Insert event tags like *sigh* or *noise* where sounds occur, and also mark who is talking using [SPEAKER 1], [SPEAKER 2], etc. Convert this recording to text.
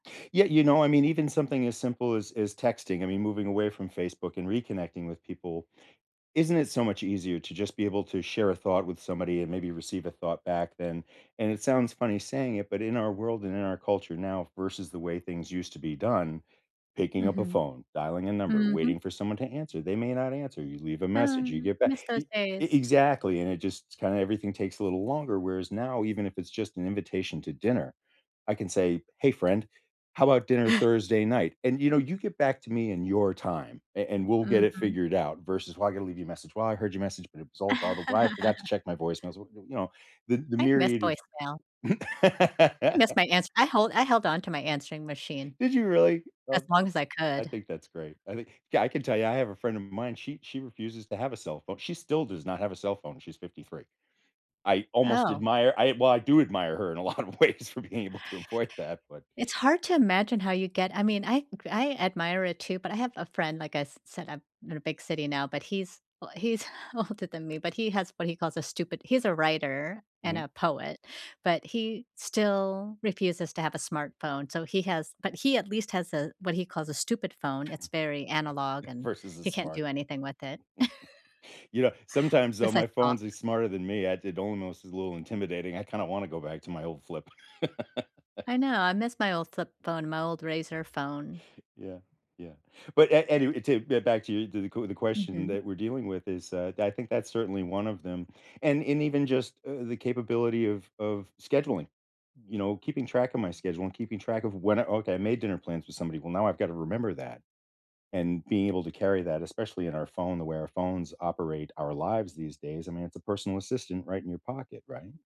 [SPEAKER 1] Yeah, you know, I mean, even something as simple as as texting, I mean, moving away from Facebook and reconnecting with people, isn't it so much easier to just be able to share a thought with somebody and maybe receive a thought back then, and it sounds funny saying it, but in our world and in our culture now versus the way things used to be done, picking up a
[SPEAKER 2] Mhm.
[SPEAKER 1] phone, dialing a number,
[SPEAKER 2] Mhm.
[SPEAKER 1] waiting for someone to answer, they may not answer, you leave a message, you
[SPEAKER 2] Um,
[SPEAKER 1] get back
[SPEAKER 2] miss
[SPEAKER 1] e
[SPEAKER 2] those
[SPEAKER 1] e
[SPEAKER 2] days.
[SPEAKER 1] exactly, and it just kind of everything takes a little longer, whereas now, even if it's just an invitation to dinner. I can say, "Hey friend, how about dinner Thursday night?", and you know, you get back to me in your time, a and we'll get it
[SPEAKER 2] Mhm.
[SPEAKER 1] figured out versus why I gotta leave you a message. "Well, I heard your message, but it was all garbled". "Why I forgot to
[SPEAKER 2] *laughs*
[SPEAKER 1] check my voicemails", you know, the the
[SPEAKER 2] I miss
[SPEAKER 1] myriad of
[SPEAKER 2] voicemail. That's
[SPEAKER 1] *laughs*
[SPEAKER 2] my ans I hold I held on to my answering machine,
[SPEAKER 1] Did you really?
[SPEAKER 2] as
[SPEAKER 1] Oh,
[SPEAKER 2] long as I
[SPEAKER 1] I
[SPEAKER 2] could.
[SPEAKER 1] think that's great. I think yeah, I can tell ya, I have a friend of mine, she she refuses to have a cellphone, she still does not have a cellphone, she's 53. I almost
[SPEAKER 2] Oh
[SPEAKER 1] admire I well, I do admire her in a lot of ways for being able to avoid that, but
[SPEAKER 2] It's hard to imagine how you get I mean, I I admire it too, but I have a friend like I s said, I'm in a big city now, but he's, we he's older than me, but he has what he calls a stupid he's a writer and
[SPEAKER 1] Mhm.
[SPEAKER 2] a poet, but he still refuses to have a smartphone, so he has but he at least has a what he calls a stupid phone, it's very analog and
[SPEAKER 1] Versus the
[SPEAKER 2] he can't
[SPEAKER 1] smart
[SPEAKER 2] do anything with it *chuckles*
[SPEAKER 1] *chuckles* You know, sometimes though, my
[SPEAKER 2] besides talk.
[SPEAKER 1] phones are smarter than me. I it almost is a little intimidating. I kinda want to go back to my old flip.
[SPEAKER 2] I
[SPEAKER 1] *laughs*
[SPEAKER 2] know, I miss my old flip phone, my old razor phone.
[SPEAKER 1] Yeah, yeah. But a anyway, to get back to you, to the q the question
[SPEAKER 2] Mhm.
[SPEAKER 1] that we're dealing with is, uh, I think that's certainly one of them, and and even just, uh, the capability of of scheduling, you know keeping track of my schedule and keeping track of when I okay, I made dinner plans with somebody, well, now I've got to remember that, and being able to carry that, especially in our phone, the way our phones operate our lives these days, I mean, it's a personal assistant right in your pocket, right?